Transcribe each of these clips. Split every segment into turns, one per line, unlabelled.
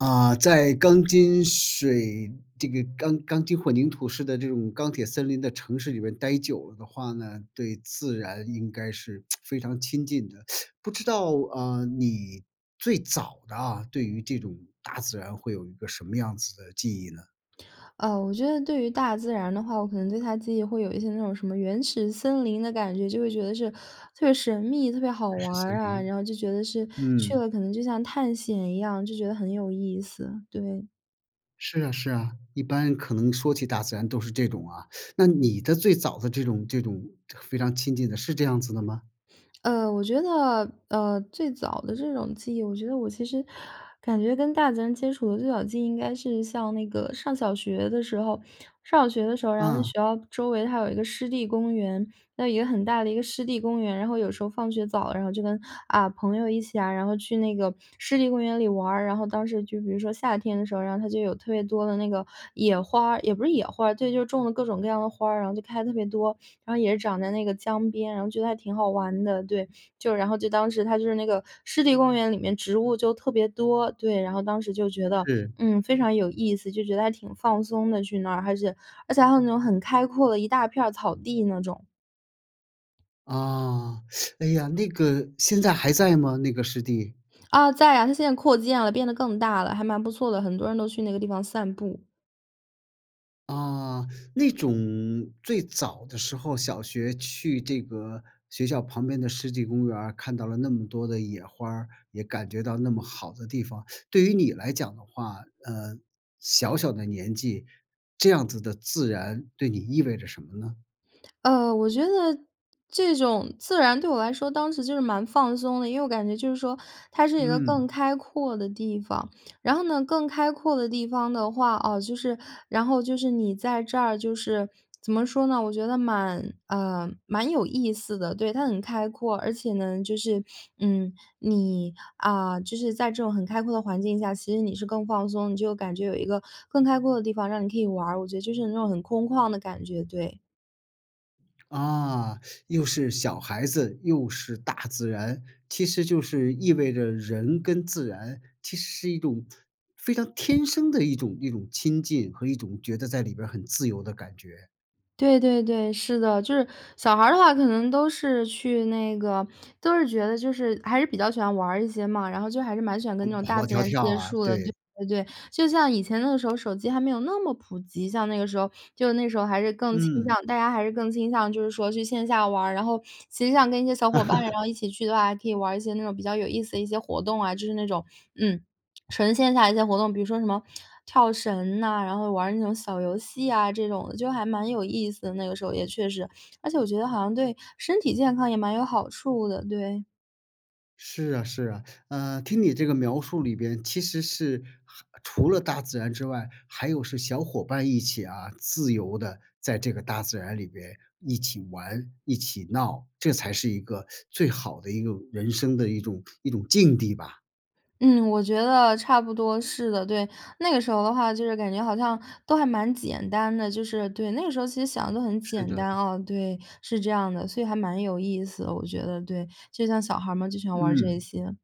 啊，在钢筋水这个钢钢筋混凝土式的这种钢铁森林的城市里面待久了的话呢，对自然应该是 非常亲近的。不知道啊，你最早的啊，对于这种大自然会有一个什么样子的记忆呢？
呃，我觉得对于大自然的话，我可能对它的记忆会有一些那种什么原始森林的感觉，就会觉得是特别神秘、特别好
原
玩
始森
儿啊。
林。
然后就觉得是去
嗯。
了可能就像探险一样，就觉得很有意思，对。
是啊是啊，一般可能说起大自然都是这种啊。那你的最早的这种这种非常亲近的是这样子的吗？
呃，我觉得，呃，最早的这种记忆，我觉得我其实感觉跟大自然接触最早的记忆应该是像那个上小学的时候。上小学的时候，然后那学
嗯。
校周围它有一个湿地公园，那有一个很大的一个湿地公园。然后有时候放学早了，然后就跟，啊，朋友一起啊，然后去那个湿地公园里玩儿。然后当时就比如说夏天的时候，然后它就有特别多的那个野花儿，也不是野花儿，对，就是种了各种各样的花儿，然后就开得特别多，然后也是长在那个江边，然后觉得还挺好玩的，对。就然后就当时它就是那个湿地公园里面植物就特别多，对，然后当时就觉得，
是。
嗯，非常有意思，就觉得还挺放松的，去那儿。而且而且还有那种很开阔的一大片儿草地那种。
啊，哎呀，那个现在还在吗？那个湿地。
啊，在啊，它现在扩建了，变得更大了，还蛮不错的，很多人都去那个地方散步。
啊，那种最早的时候，小学去这个学校旁边的湿地公园儿，看到了那么多的野花儿，也感觉到那么好的地方。对于你来讲的话，呃，小小的年纪，这样子的自然对你意味着什么呢？
呃，我觉得这种自然对我来说当时就是蛮放松的，因为我感觉就是说，它是一个更
嗯。
开阔的地方。然后呢更开阔的地方的话啊，就是然后就是你在这儿，就是怎么说呢，我觉得蛮，呃，蛮有意思的。对，它很开阔，而且呢就是，嗯，你，啊，就是在这种很开阔的环境下，其实你是更放松，你就感觉有一个更开阔的地方让你可以玩儿。我觉得就是那种很空旷的感觉，对。
啊，又是小孩子，又是大自然。其实就是意味着人跟自然，其实是一种非常天生的一种一种亲近和一种觉得在里边儿很自由的感觉。
对对对，是的。就是小孩儿的话，可能都是去那个都是觉得就是还是比较喜欢玩儿一些嘛，然后就还是蛮喜欢
跑
跟那种
跑
大
跑
自
跳
然
跳
接
啊，
触的，对
对。
对对。就像以前的时候，手机还没有那么普及，像那个时候，就那个时候还是更倾
嗯。
向大家还是更倾向，就是说去线下玩儿。然后实际上跟一些小伙伴然 后一起去的话，还可以玩儿一些那种比较有意思的一些活动啊，就是那种，嗯，纯线下的一些活动，比如说什么跳绳呐，然后玩儿那种小游戏啊，这种的。就还蛮有意思的，那个时候也确实。而且我觉得好像对身体健康也蛮有好处的，对。
是啊是啊。呃，听你这个描述里边其实是还除了大自然之外，还有是小伙伴儿一起啊，自由地在这个大自然里边一起玩、一起闹。这才是一个最好的一个人生的一种一种境地吧。
嗯，我觉得差不多是的，对。那个时候的话，就是感觉好像都还蛮简单的，就是对，那个时候其实想得都很
是
简
的。
单哦，对，是这样的。所以还蛮有意思的，我觉得，对，就像小孩儿们就喜欢玩儿这
嗯。
些。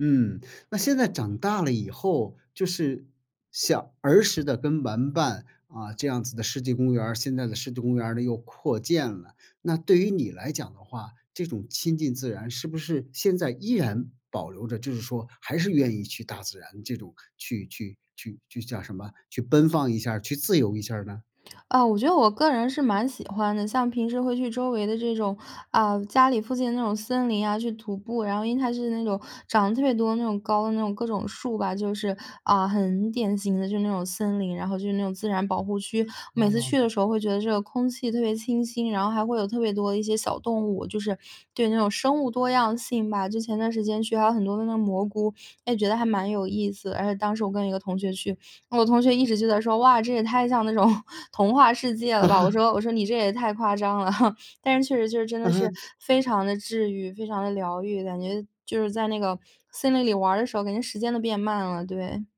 嗯，那现在长大了以后，就是，像儿时的跟玩伴啊，这样子的湿地公园儿，现在的湿地公园儿呢又扩建了。那对于你来讲的话，这种亲近自然是不是现在依然保留着，就是说，还是愿意去大自然这种去去去去叫什么？去奔放一下儿，去自由一下儿呢？
啊，我觉得我个人是蛮喜欢的。像平时会去周围的这种，呃，家里附近的那种森林啊，去徒步。然后因为它是那种长得特别多的那种高的那种各种树吧，就是，呃，很典型的就是那种森林，然后就是那种自然保护区。每次去的
哦。
时候会觉得这个空气特别清新，然后还会有特别多的一些小动物，就是，对，那种生物多样性吧。就前段时间去还有很多那个蘑菇，也觉得还蛮有意思。而且当时我跟一个同学去，我同学一直就在说：“哇，这也太像那种童话世界了吧”。我 说我说：“你这也太夸张了。” 但是确实就真的
嗯
是
哼。
非常地治愈，非常地疗愈，感觉就是在那个森林里玩儿的时候，感觉时间都变慢了，对。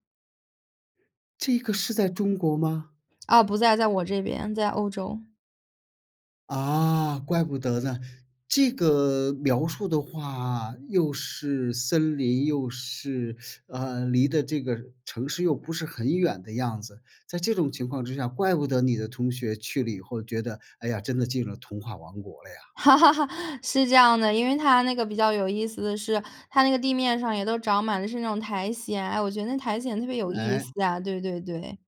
这个是在中国吗？
啊，不在，在我这边，在欧洲。
啊，怪不得呢。这个描述的话又是森林，又是，呃，离得这个城市又不是很远的样子，在这种情况之下，怪不得你的同学去了以后，觉得：“哎呀，真的进了童话王国了呀。”
是这样的，因为它那个比较有意思的是，它那个地面上也都长满的是那种苔藓。哎呀，我觉得那苔藓特别有意
诶。
思啊。对对对。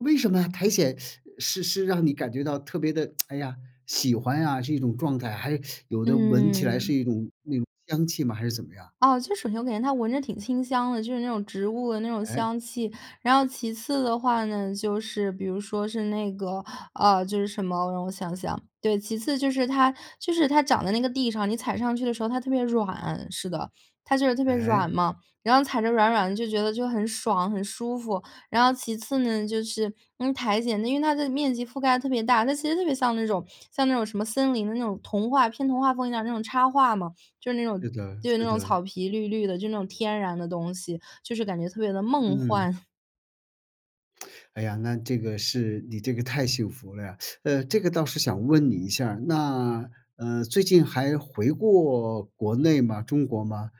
为什么啊苔藓，是是让你感觉到特别的，哎呀，喜欢呀，是一种状态。还有，有的闻起来是
嗯。
一种那种香气吗？还是怎么样？
啊，就是首先我感觉它闻着挺清香的，就是那种植物的那种
哎。
香气。然后其次的话呢，就是比如说是那个啊，就是什么，让我想想，对，其次就是它就是它长在那个地上，你踩上去的时候它特别软，是的，它就是特别软
哎。
嘛，然后，踩着软软的就觉得，就很爽、很舒服。然后其次呢，就是，嗯，苔藓呢因为它的面积覆盖得特别大，它其实特别像那种像那种什么森林的那种童话，偏童话风一样的那种插画嘛，就是那种
是的，
就是那
是
种
的。
草皮绿绿的，就那种天然的东西，就是感觉特别地梦
嗯。
幻。
哎呀，那这个是你这个太幸福了呀，呃，这个倒是想问你一下儿，那，嗯，最近还回过国内吗？中国吗？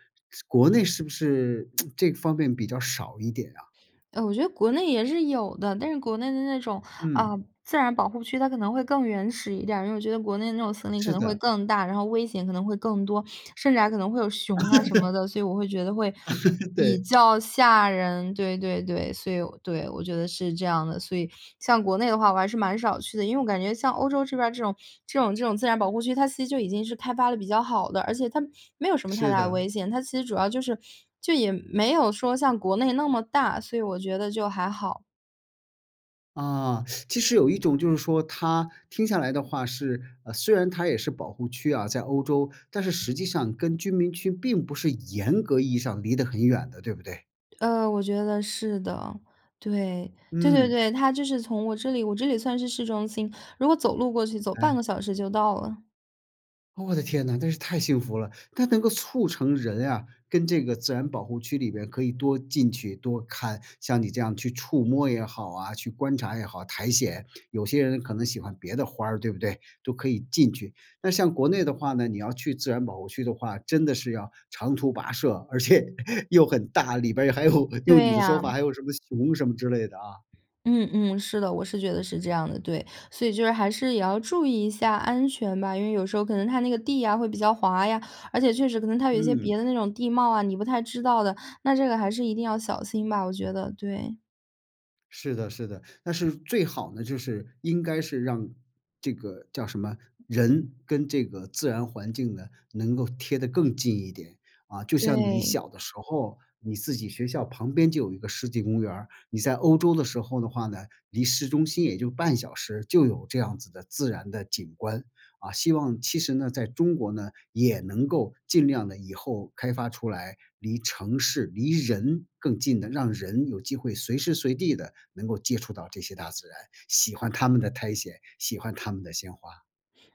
国内是不是 这方面比较少一点啊？
呃，我觉得国内也是有的，但是国内的那种，啊，
嗯。
自然保护区，它可能会更原始一点儿。因为我觉得国内的那种森林可
是
能会
的。
更大，然后危险可能会更多，甚至还可能会有熊啊什么 的，所以我会觉得会 比
对。
较吓人。对对对。所以，对，我觉得是这样的，所以像国内的话我还是蛮少去的，因为我感觉像欧洲这边儿这种这种这种自然保护区，它其实就已经是开发得比较好的，而且它没有什么太
是
大的
的。
危险。它其实主要就是就也没有说像国内那么大，所以我觉得就还好。
啊，其实有一种就是说，它听下来的话是呃，虽然它也是保护区啊，在欧洲，但是实际上跟居民区并不是严格意义上离得很远的，对不对？
呃，我觉得是的。对，对对
嗯。
对。它就是从我这里我这里算是市中心，如果走路过去，走半
哎。
个小时就到了。
哦我的天哪，真是太幸福了。它能够促成人啊跟这个自然保护区里边可以多进去多看，像你这样去触摸也好啊，去观察也好苔藓。有些人可能喜欢别的花儿，对不对？都可以进去。那像国内的话呢，你要去自然保护区的话，真的是要长途跋涉，而且又很大，里边儿还有用
对
你的说
呀。
法，还有什么熊什么之类的啊。
嗯嗯，是的，我是觉得是这样的，对。所以就是还是也要注意一下安全吧。因为有时候可能它那个地呀会比较滑呀，而且确实可能它有一些
嗯。
别的那种地貌啊，你不太知道的。那这个还是一定要小心吧，我觉得，对。
是的是的，但是最好呢，就是应该是让这个叫什么人跟这个自然环境呢能够贴得更近一点。啊，就像你
对。
小的时候，你自己学校旁边就有一个世纪公园儿，你在欧洲的时候的话呢，离市中心也就半小时就有这样子的自然的景观。啊，希望其实呢，在中国呢也能够尽量地以后开发出来离城市、离人更近的、让人有机会随时随地地能够接触到这些大自然，喜欢它们的苔藓，喜欢它们的鲜花。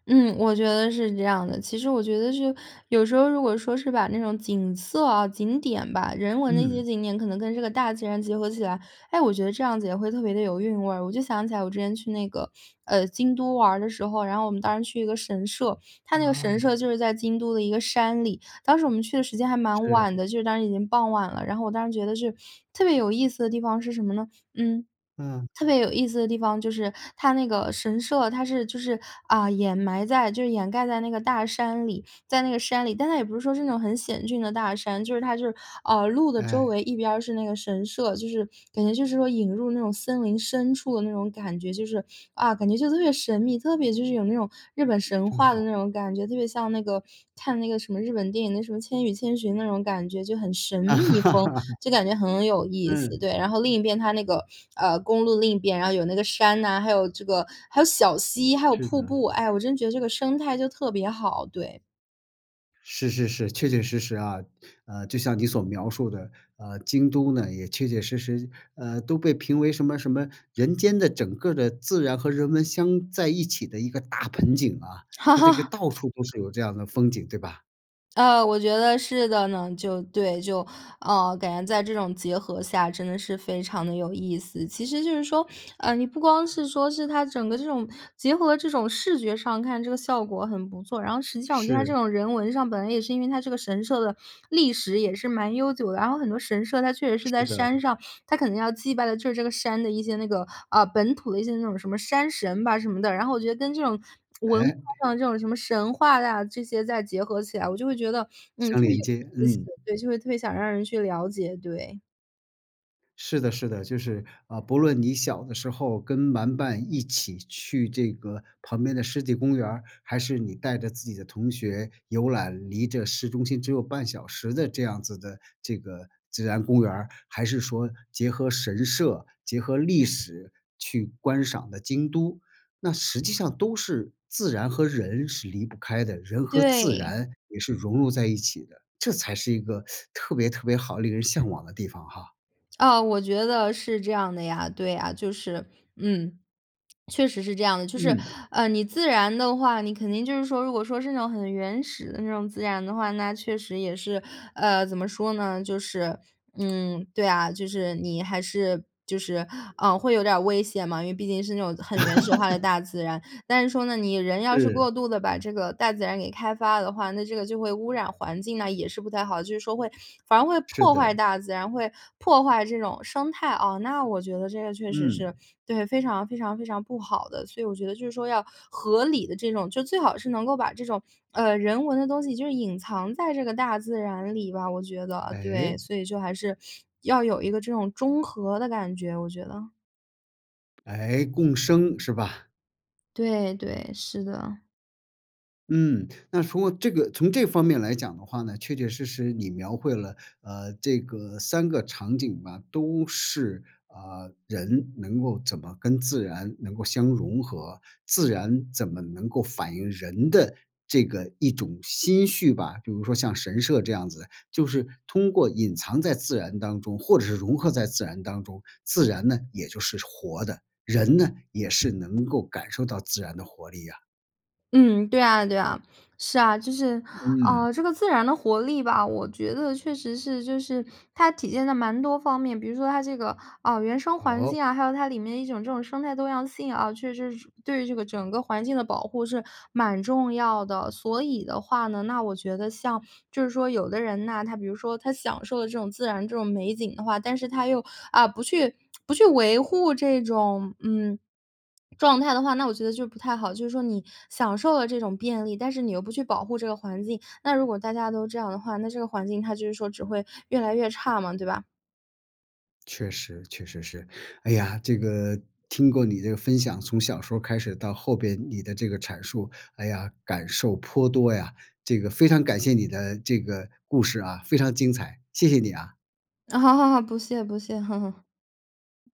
嗯，我觉得是这样的。其实我觉得是有时候如果说是把那种景色啊、景点吧，人文的一些
嗯。
景点可能跟这个大自然结合起来，哎，我觉得这样子也会特别地有韵味儿。我就想起来我之前去那个，呃，京都玩儿的时候，然后我们当时去一个神社，它那个
啊。
神社就是在京都的一个山里。当时我们去的时间还蛮
是。
晚的，就是当时已经傍晚了，然后我当时觉得是，特别有意思的地方是什么呢？嗯
嗯。
特别有意思的地方就是它那个神社，它是就是，啊，掩埋在就是掩盖在那个大山里，在那个山里。但它也不是说是那种很险峻的大山，就是它就是，啊，路的周
哎。
围一边儿是那个神社，就是感觉就是说引入那种森林深处的那种感觉，就是，啊，感觉就特别神秘，特别就是有那种日本神
这么
话的
好。
那种感觉，特别像那个，看那个什么日本电影的什么《千与千寻》，那种感觉，就很神秘风，就感觉很有意思，
嗯。
对。然后另一边，它那个，呃，公路另一边，然后有那个山呐，还有这个，还有小溪，还有
是
瀑
的。
布。哎，我真觉得这个生态就特别好，对。
是是是，确确实实啊。呃，就像你所描述的，呃，京都呢，也确确实实，呃，都被评为什么什么人间的整个儿的自然和人文相在一起的一个大盆景啊，它这个到 处都是有这样的风景，对吧？
呃，我觉得是的呢。就，对，就，呃，感觉在这种结合下真的是非常地有意思。其实就是说，呃，你不光是说是它整个这种结合这种视觉上看这个效果很不错，然后实际上我觉得它这
是。
种人文上本来也是因为它这个神社的历史也是蛮悠久的。然后很多神社它确实是
是
在
的。
山上，它可能要祭拜的就是这个山的一些那个，啊，本土的一些那种什么山神吧什么的。然后我觉得跟这种文化
哎。
上的这种，什么神话呀这些，再结合起来，我就会觉得，嗯，
相
特别
连接，
有意思，
嗯。
对，就会特别想让人去了解，对。
是的，是的。就是，啊，不论你小的时候跟玩伴一起去这个旁边的湿地公园儿，还是你带着自己的同学游览离着市中心只有半小时的这样子的这个自然公园儿，还是说结合神社、结合历史去观赏的京都，那实际上都是自然和人是离不开的，人和自
对。
然也是融入在一起的。这才是一个，特别特别好，令人向往的地方哈。
啊，我觉得是这样的呀，对呀。就是，嗯，确实是这样的。就是，
嗯。
呃，你自然的话，你肯定就是说，如果说是那种很原始的那种自然的话，那确实也是，呃，怎么说呢，就是，嗯，对啊，就是你还是就是，嗯，会有点儿危险嘛，因为毕竟是那种很原始化的 大自然。但是说呢，你人要是过
是。
度地把这个大自然给开发的话，那这个就会污染环境，那也是不太好，就是说会反而会
是
破坏
的。
大自然，会破坏这种生态。啊，那我觉得这个确实
嗯。
是对，非常非常非常不好的。所以我觉得就是说要合理地这种就最好是能够把这种，呃，人文的东西就是隐藏在这个大自然里吧，我觉得。对，
诶？
所以就还是要有一个这种中和的感觉，我觉得。
诶，共生，是吧？
对，对，是的。
嗯，那通过这个从这方面来讲的话呢，确确实实你描绘了，呃，这个3个场景吧，都是，啊，人能够怎么跟自然能够相融合，自然怎么能够反映人的这个一种心绪吧。比如说像神社这样子，就是通过隐藏在自然当中，或者是融合在自然当中。自然呢，也就是活的，人呢，也是能够感受到自然的活力啊。
嗯，对啊对啊。是啊，就是，
嗯。
呃，这个自然的活力吧，我觉得确实是就是它体现在蛮多方面，比如说它这个，啊，原生环
哦？
境啊，还有它里面一种这种生态多样性啊，确实是对于这个整个环境的保护是蛮重要的。所以的话呢，那我觉得像，就是说有的人呐，他比如说他享受的这种自然这种美景的话，但是他又，啊，不去 不去维护这种，嗯，状态的话，那我觉得就不太好，就是说你享受了这种便利，但是你又不去保护这个环境，那如果大家都这样的话，那这个环境它就是说只会越来越差嘛，对吧？
确实，确实是。哎呀，这个听过你这个分享，从小时候开始到后边，你的这个阐述。哎呀，感受颇多呀。这个非常感谢你的这个故事啊，非常精彩，谢谢你啊。
哦，不谢不谢。